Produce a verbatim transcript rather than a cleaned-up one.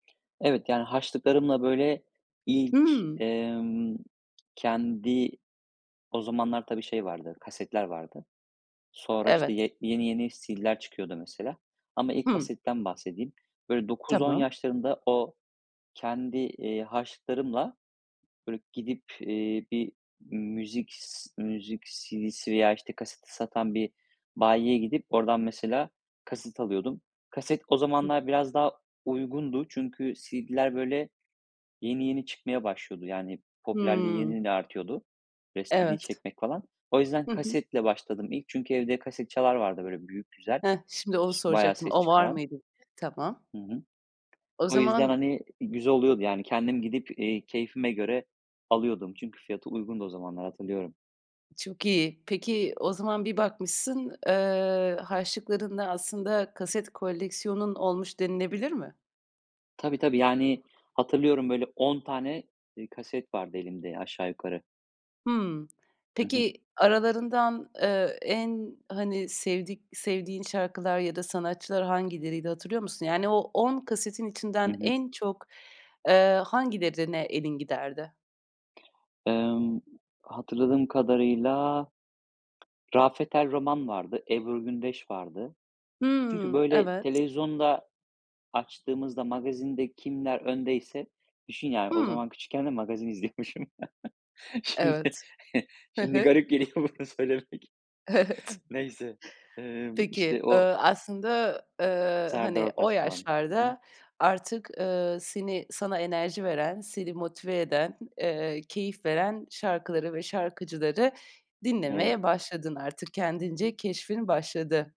Evet. Yani, harçlıklarımla, böyle, ilk, Hımm. ımm, kendi o zamanlar, tabii, şey vardı, kasetler vardı. Sonra, işte, Evet. ye yeni yeni CD'ler çıkıyordu mesela. Ama ilk Hımm. kasetten bahsedeyim. Böyle, dokuz on Tamam. yaşlarında o kendi, iii, harçlıklarımla, böyle, gidip, iii, bir müzik s ııı, müzik CD'si veya, işte, kaseti satan bir bayiye gidip oradan mesela kaset alıyordum. Kaset o Hı. zamanlar biraz daha uygundu. Çünkü CD'ler, böyle, yeni yeni çıkmaya başlıyordu. Yani, popülerliği yeni Hımm. yeni artıyordu. [unintelligible] CD Evet. çekmek falan. O yüzden Hı hı. kasetle başladım ilk. Çünkü evde kaset çalar vardı, böyle, büyük güzel, Heh, şimdi onu iş bayağı soracaktım. ses O var çıkaran. mıydı, diye. Tamam. Hı hı. O O yüzden, zaman hani, güzel oluyordu yani kendim gidip, iii, keyfime göre alıyordum. Çünkü fiyatı uygundu o zamanlar hatırlıyorum. Çok iyi. Peki o zaman bir bakmışsın, eee, harçlıklarınla aslında kaset koleksiyonun olmuş denilebilir mi? Tabii, tabii, yani hatırlıyorum, böyle, on tane, iii, kaset vardı elimde aşağı yukarı. Hımm, Hı hı. peki, aralarından, eee, en, hani, sevdik sevdiğin şarkılar ya da sanatçılar hangileriydi, hatırlıyor musun? Yani, o on kasetin Hı içinden hı. en çok, eee, hangilerine ne elin giderdi? Emm, hatırladığım kadarıyla Rafet El Roman vardı, Ebru Gündeş vardı. Çünkü, Hımm, böyle, evet. televizyonda açtığımızda, magazinde kimler öndeyse Düşün yani o Hımm. zaman küçükken de magazin izliyormuşum. Şimdi Evet. Hı şimdi hı. garip geliyor bunu söylemek. Evet. Neyse, emm, Peki, işte, o ııı, aslında, eee, Serdar hani, o Ortaç falan. Hı hı. yaşlarda artık, ııı, seni sana enerji veren, seni motive eden, eee, keyif veren şarkıları ve şarkıcıları Evet. dinlemeye başladın artık. Kendince keşfin başladı.